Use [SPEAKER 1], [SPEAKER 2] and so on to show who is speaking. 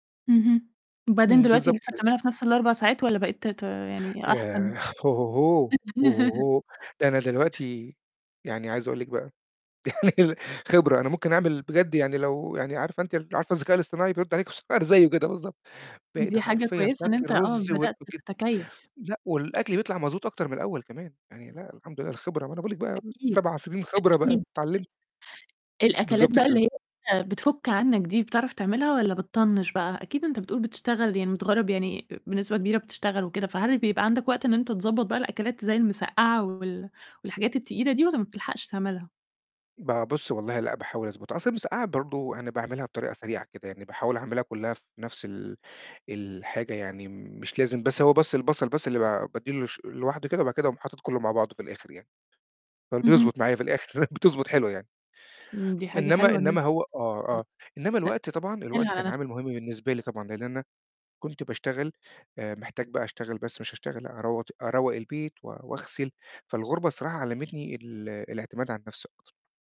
[SPEAKER 1] اهم. وبعدين
[SPEAKER 2] إمم
[SPEAKER 1] دلوقتي
[SPEAKER 2] بالضبط
[SPEAKER 1] لسه
[SPEAKER 2] كده.
[SPEAKER 1] بتعملها في نفس ال4 ساعات والّا بقيت ت ت يعني
[SPEAKER 2] ياه!
[SPEAKER 1] أحسن؟
[SPEAKER 2] هو هو هو! هو هو هو. ده أنا دلوقتي يعني عايز اقول لِك بقى يعني خبرة أنا ممكن أعمل بجد يعني لو يعني عارفة أنتِ ال عارفة الذكاء الاصطناعي بيرد عليكِ بصوت انا زيه كده بالضبط، بقيت
[SPEAKER 1] دي حاجة
[SPEAKER 2] حرفيًا
[SPEAKER 1] كويسة إن
[SPEAKER 2] تاكل
[SPEAKER 1] أنت آه،
[SPEAKER 2] الرز و
[SPEAKER 1] بدأت
[SPEAKER 2] [unintelligible]
[SPEAKER 1] تتكيّف.
[SPEAKER 2] لأ والأكل بيطلع مضبوط أكتر من الأول كمان، يعني لا الحمد لله الخبرة ما أنا باقول لِك بقى
[SPEAKER 1] أكيد،
[SPEAKER 2] 7 سنين خبرة بقى
[SPEAKER 1] أكيد.
[SPEAKER 2] اتعلمت.
[SPEAKER 1] [unintelligible] الأكلات
[SPEAKER 2] بالضبط
[SPEAKER 1] بقى اللي
[SPEAKER 2] كده.
[SPEAKER 1] هي بتفُك عنك دي بتعرف تعملها والّا بتطنّش بقى؟ أكيد أنت بتقول بتشتغل يعني متغرّب، يعني أ بنسبة كبيرة بتشتغل وكده فهل بيبقى عندك وقت إن أنت تضبّط بقى الأكلات زي المِسقّعة وال والحاجات التقيلة دي والّا ما بتلحقش تعملها؟
[SPEAKER 2] ب بصّي والله لأ باحاول أضبطها، أصل المِسقّعة برضه أنا باعملها بطريقة سريعة كده، يعني باحاول اعملها كلها في نفس ال الحاجة، يعني مش لازم بس هو بس البصل بس اللي ب بادّي له ش لوحده كده، وبعد كده اقوم حاطط كله مع بعضه في الآخر يعني. فال
[SPEAKER 1] اهم.
[SPEAKER 2] بيضبط معايا في الآخر بتضبط حلوة يعني.
[SPEAKER 1] إمم دي حاجة
[SPEAKER 2] إنما
[SPEAKER 1] حلوة إن
[SPEAKER 2] إنما
[SPEAKER 1] أنت
[SPEAKER 2] هو آه،
[SPEAKER 1] [unintelligible]
[SPEAKER 2] آه إنما
[SPEAKER 1] تأت
[SPEAKER 2] الوقت طبعًا، الوقت
[SPEAKER 1] تسهّلها
[SPEAKER 2] كان
[SPEAKER 1] على نفس
[SPEAKER 2] عامل مهم بالنسبة لي طبعًا لإن أنا كنت باشتغل آآ، محتاج بقى اشتغل بس مش اشتغل أرود أروّق البيت و واغسل، فالغُربة الصراحة علمتني ال الاعتماد على النفس أكتر.